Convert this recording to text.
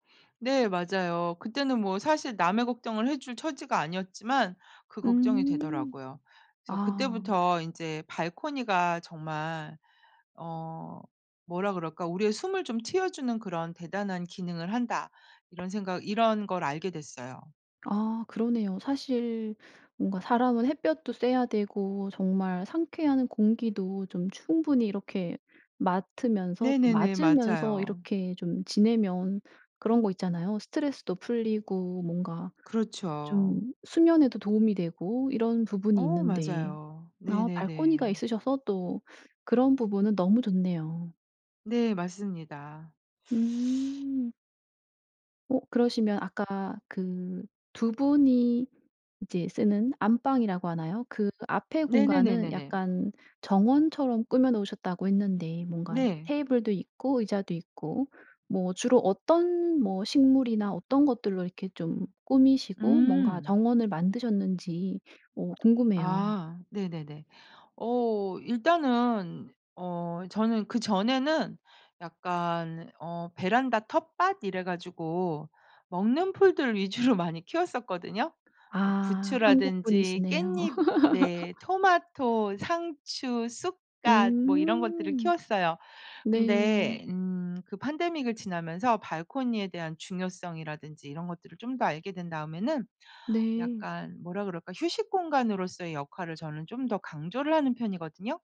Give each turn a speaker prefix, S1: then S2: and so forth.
S1: 네. 맞아요. 그때는 뭐 사실 남의 걱정을 해줄 처지가 아니었지만 그 걱정이
S2: 음.
S1: 되더라고요. 그래서
S2: 아.
S1: 그때부터 인제 발코니가 정말 어 뭐라 그럴까 '우리의 숨을 좀 틔워주는 그런 대단한 기능을 한다.' 이런 생각 이런 걸 알게 됐어요.
S2: 아 그러네요. 사실 뭔가 사람은 햇볕도 쐬야 되고 정말 상쾌한 공기도 좀 충분히 이렇게 맡으면서 또
S1: 네네네.
S2: 맞으면서
S1: 맞아요.
S2: 이렇게 좀 지내면 그런 거 있잖아요. 스트레스도 풀리고 뭔가
S1: 그렇죠.
S2: 좀 수면에도 도움이 되고 이런 부분이
S1: 어
S2: 있는데
S1: 맞아요.
S2: 아 발코니가
S1: 네네네.
S2: 있으셔서 또 그런 부분은 너무 좋네요.
S1: 네. 맞습니다.
S2: 음. 어 그러시면 아까 그 2 분이 이제 쓰는 안방이라고 하나요, 그 앞의 공간은
S1: 네네네네네.
S2: 약간 정원처럼 꾸며 놓으셨다고 했는데 뭔가 이렇게
S1: 네.
S2: 테이블도 있고 의자도 있고 뭐 주로 어떤 뭐 식물이나 어떤 것들로 이렇게 좀 꾸미시고 뭔가
S1: 음.
S2: 정원을 만드셨는지 어 궁금해요.
S1: 아 네네네. 어 일단은 어 저는 그전에는 약간 어 베란다 텃밭 이래 가지고 먹는 풀들 위주로 많이 키웠었거든요. 뭐
S2: 아
S1: 부추라든지
S2: 한국분이시네요.
S1: 깻잎 네 토마토, 상추, 쑥갓 뭐 이런 것들을
S2: 음.
S1: 키웠어요.
S2: 네.
S1: 근데 음 그 pandemic을 지나면서 발코니에 대한 중요성이라든지 이런 것들을 좀 더 알게 된 다음에는
S2: 네.
S1: 약간 뭐라 그럴까 휴식 공간으로서의 역할을 저는 좀 더 강조를 하는 편이거든요.